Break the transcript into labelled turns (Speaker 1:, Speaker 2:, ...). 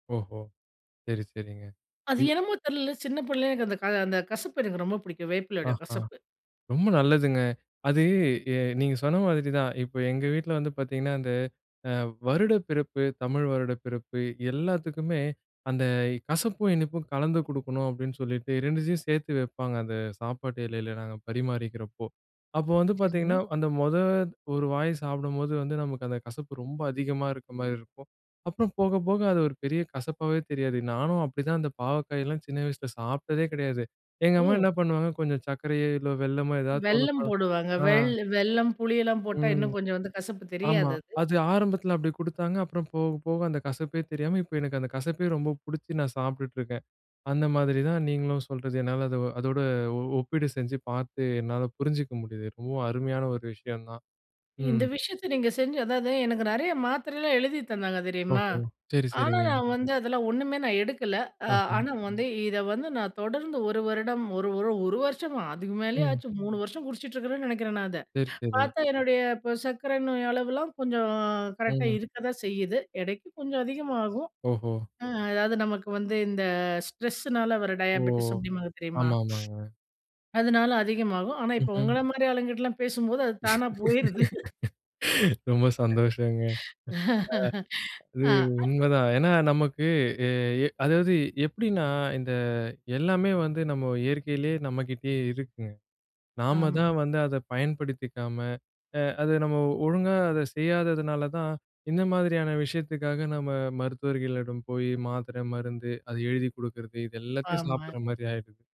Speaker 1: ஓஹோ! சரி சரிங்க.
Speaker 2: அது
Speaker 1: இந்
Speaker 2: என்னமோ தெர்ல, சின்ன புள்ளைலருந்து அந்த க அந்த கசப்பு எனக்கு ரொம்ப புடிக்கும். வேப்பிலையோட
Speaker 1: அஹா,
Speaker 2: கசப்பு.
Speaker 1: ரொம்ப நல்லதுங்க. அது எ நீங்க சொன்ன மாதிரி தான். இப்போ எங்க வீட்டுல வந்து பாத்தீங்கன்னா, அந்த அ வருடப்பிறப்பு, தமிழ் வருடப்பிறப்பு, எல்லாத்துக்குமே அந்த கசப்பும், இனிப்பும் கலந்து குடுக்கணும் அப்படின்னு சொல்லீட்டு, 2த்தயும் சேத்து வெப்பாங்க, அந்த சாப்பாடு எலைல நாங்க பரிமாறிக்கறப்போ. அப்போ வந்து பாத்தீங்கன்னா,
Speaker 2: சரிங்க.
Speaker 1: அந்த மொத ஒரு வாய் சாப்பிடும்போது வந்து, நமக்கு அந்த கசப்பு ரொம்ப அதிகமா இருக்க மாரி இருக்கும், அப்புறம் போக போக அது ஒரு பெரிய கசப்பாகவே தெரியாது, நானும் அப்படிதான் அந்த பாவக்காயெல்லாம் சின்ன வயசுல சாப்பிட்டதே கெடையாது. எங்க அம்மா
Speaker 2: ஓ!
Speaker 1: என்னா பண்ணுவாங்க, கொஞ்சம் சர்க்கரையோ, இல்ல வெல்லமோ ஏதாச்சும் ஒண்ணு
Speaker 2: வெல்லம்
Speaker 1: கல
Speaker 2: போடுவாங்க.
Speaker 1: ஆ.
Speaker 2: வெல் வெல்லம், புளியெல்லாம் போட்டா,
Speaker 1: ம்.
Speaker 2: இன்னும் கொஞ்சம் வந்து கசப்பு
Speaker 1: ஆமா.
Speaker 2: தெரியாது அது.
Speaker 1: அது ஆரம்பத்தில அப்படி குடுத்தாங்க, அப்புறம் போக போக அந்த கசப்பே தெரியாம, இப்ப எனக்கு அந்த கசப்பே ரொம்ப புடிச்சு நான் சாப்பிட்டுட்டு இருக்கேன். அந்த மாதிரி தான் நீங்களும் சொல்றது, என்னால அது அதோட ஒ ஒப்பீடு செஞ்சு பாத்து, என்னால புரிஞ்சுக்க முடியுது, ரொம்பவும் அருமையான ஒரு விஷயம் தான்.
Speaker 2: இந்த
Speaker 1: ம்
Speaker 2: விஷயத்த நீங்க செஞ்சு அதாவது எனக்கு நெறையா மாத்திரைலாம் எழுதி தந்தாங்க தெரியுமா?
Speaker 1: ஓஹோ, சரி
Speaker 2: ஆனா
Speaker 1: சரிங்க!
Speaker 2: நான் வந்து அதெல்லாம் ஒண்ணுமே நான் எடுக்கல. அ
Speaker 1: அஹ.
Speaker 2: ஆனா வந்து, இத வந்து நான் தொடர்ந்து 1 வருடம், ஒரு ஒரு ஒரு வருஷமா, அதுக்கு மேலயே
Speaker 1: ம்.
Speaker 2: ஆச்சு, 3 வருஷம் குடிச்சிட்டு இருக்குறேன்னு நெனைக்கிறேன் நான் அத.
Speaker 1: சரி சரி.
Speaker 2: பாத்தா என்னுடைய, இப்ப சர்க்கரை நோய் அளவெல்லாம் கொஞ்சம், கரெக்ட்டா
Speaker 1: ம்.
Speaker 2: இருக்க தான் செய்யுது, எடைக்கு கொஞ்சம் அதிகமாகும்.
Speaker 1: ஓஹோ!
Speaker 2: ம், அதாவது நமக்கு வந்து இந்த ஸ்ட்ரெஸ்ஸுனால வர
Speaker 1: ஓ!
Speaker 2: டயாபெட்டிஸ், அப்படிம்பாங்க தெரியுமா?
Speaker 1: ஆமா ஆமாங்க.
Speaker 2: அதனால அதிகமாகும், ஆனா இப்போ
Speaker 1: ம்ஹ்ம்.
Speaker 2: உங்கள மாரி ஆளுங்ககிட்டலாம் பேசும்போது அது தானா போயிருது!
Speaker 1: ரொம்ப சந்தோஷங்க! அ. அது
Speaker 2: அ அத்
Speaker 1: உண்மதான், ஏன்னா, நமக்கு எ எ அதாவது எப்படின்னா, இந்த எல்லாமே வந்து நம்ம இயற்கைலயே, நம்மகிட்டயே இருக்குங்க. நாம
Speaker 2: ஆமாங்
Speaker 1: தான் வந்து அத பயன்படுத்திக்காம, அ அத நம்ம ஒழுங்கா அத செய்யாததுனால தான், இந்த மாதிரியான விஷயத்துக்காக நம்ம மருத்துவர்களிடம் போயி, மாத்திரை, மருந்து. அது எழுதிக் குடுக்கிறது, இது எல்லாத்தையும்
Speaker 2: ஆமா.
Speaker 1: சாப்பிடுற மாரி ஆயிருது!